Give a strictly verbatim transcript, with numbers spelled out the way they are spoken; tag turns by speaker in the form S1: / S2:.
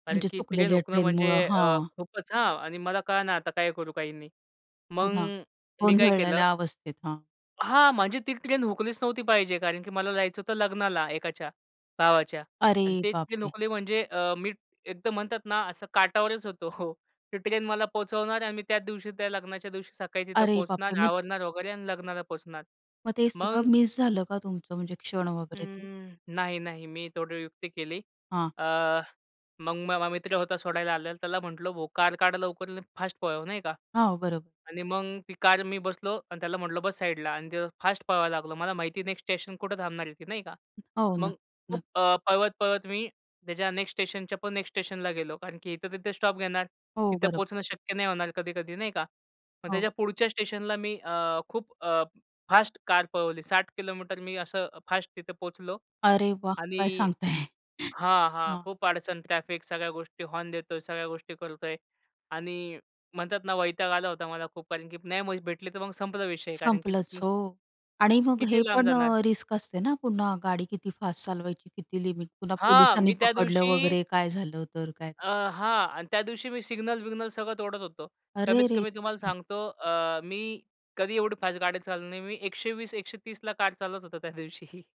S1: कारण,
S2: म्हणजे
S1: की ट्रेन
S2: चुकलेल्या
S1: हुकणं म्हणजे
S2: ट्रेनमुळं.
S1: अ,
S2: हां.
S1: खूपच हां, आणि मला कळेना आता काय करू, काही नाही.
S2: हो
S1: मग
S2: ना.
S1: मी काय केलं
S2: गोंधळलेल्या अवस्थेत. हां.
S1: हां, म्हणजे ती ट्रेन हुकलीच नव्हती पाहिजे कारण, की मला जायचं होतं लग्नाला एकाच्या, भावाच्या
S2: अरे,
S1: आणि ते ट्रेन
S2: बापरे!
S1: हुकली म्हणजे अ, मी एकदम म्हणतात ना असं काठावरच होतो. ती ट्रेन मला पोहचवणार आणि मी त्याच दिवशी, त्या लग्नाच्या दिवशी सकाळी तिथं
S2: अरे,
S1: पोहचणार,
S2: बापरे! मग
S1: आवरणार वगैरे अन् लग्नाला पोहचणार.
S2: मग ते
S1: मग
S2: सगळं मिस झालं का तुमचं म्हणजे क्षण वगैरे ते?
S1: अं, नाही, नाही. मी थोडी युक्ती केली.
S2: हां.
S1: अ, मग माझा मित्र होता सोडायला आलेला, त्याला म्हटलं, "भो कार काढ लवकर आणि फास्ट पळव," नाही का
S2: हां, बरोबर.
S1: आणि मग ती कार मी बसलो आणि त्याला म्हटलं बस साइडला आणि ते फास्ट पळवायला लागलो. मला माहिती नेक्स्ट स्टेशन कुठे थांबणार आहे ती नाही का.
S2: हो ना,
S1: मग
S2: न
S1: खूप अ, पळवत-पळवत मी त्याच्या नेक्स्ट स्टेशनच्या पण नेक्स्ट स्टेशनला गेलो कारण, की इथे-तिथे स्टॉप घेणार,
S2: हो,
S1: तिथे
S2: बरोबर.
S1: पोहचणं शक्य नाही होणार कधी-कधी नाही का. मग त्याच्या
S2: हो.
S1: पुढच्या स्टेशनला मी अ, खूप अ, फास्ट कार पळवली. साठ किलोमीटर मी असं फास्ट तिथे पोहचलो
S2: अरे, वाह! काय
S1: आणि
S2: सांगताय?
S1: हां, हां.
S2: हां.
S1: खूप अडचण ट्रॅफिक सगळ्या गोष्टी हॉर्न देतोय, सगळ्या गोष्टी करतोय आणि म्हणतात ना वैताग आला होता मला खूप कारण, की नाही मग भेटली, तर मग संपला विषय कारण, की
S2: संपलंच,
S1: अ
S2: हो आणि मग
S1: किती
S2: हे
S1: लांब
S2: पण
S1: जाणार?
S2: अ, रिस्क असते ना, पुन्हा गाडी किती फास्ट चालवायची, किती लिमिट. पुन्हा
S1: हां.
S2: पोलिसांनी
S1: मी त्या
S2: पकडलं
S1: दिवशी
S2: वगैरे काय झालं तर काय?
S1: अ, हां. आणि त्यादिवशी मी सिग्नल-बिग्नल सगळं तोडत होतो.
S2: अरेरे!
S1: कमीत-कमी तुम्हाला सांगतो अ, मी कधी एवढी फास्ट गाडी चालवणार नाही. मी एकशे वीस, एकशे तीस ला कार चालवत होतो त्या दिवशी.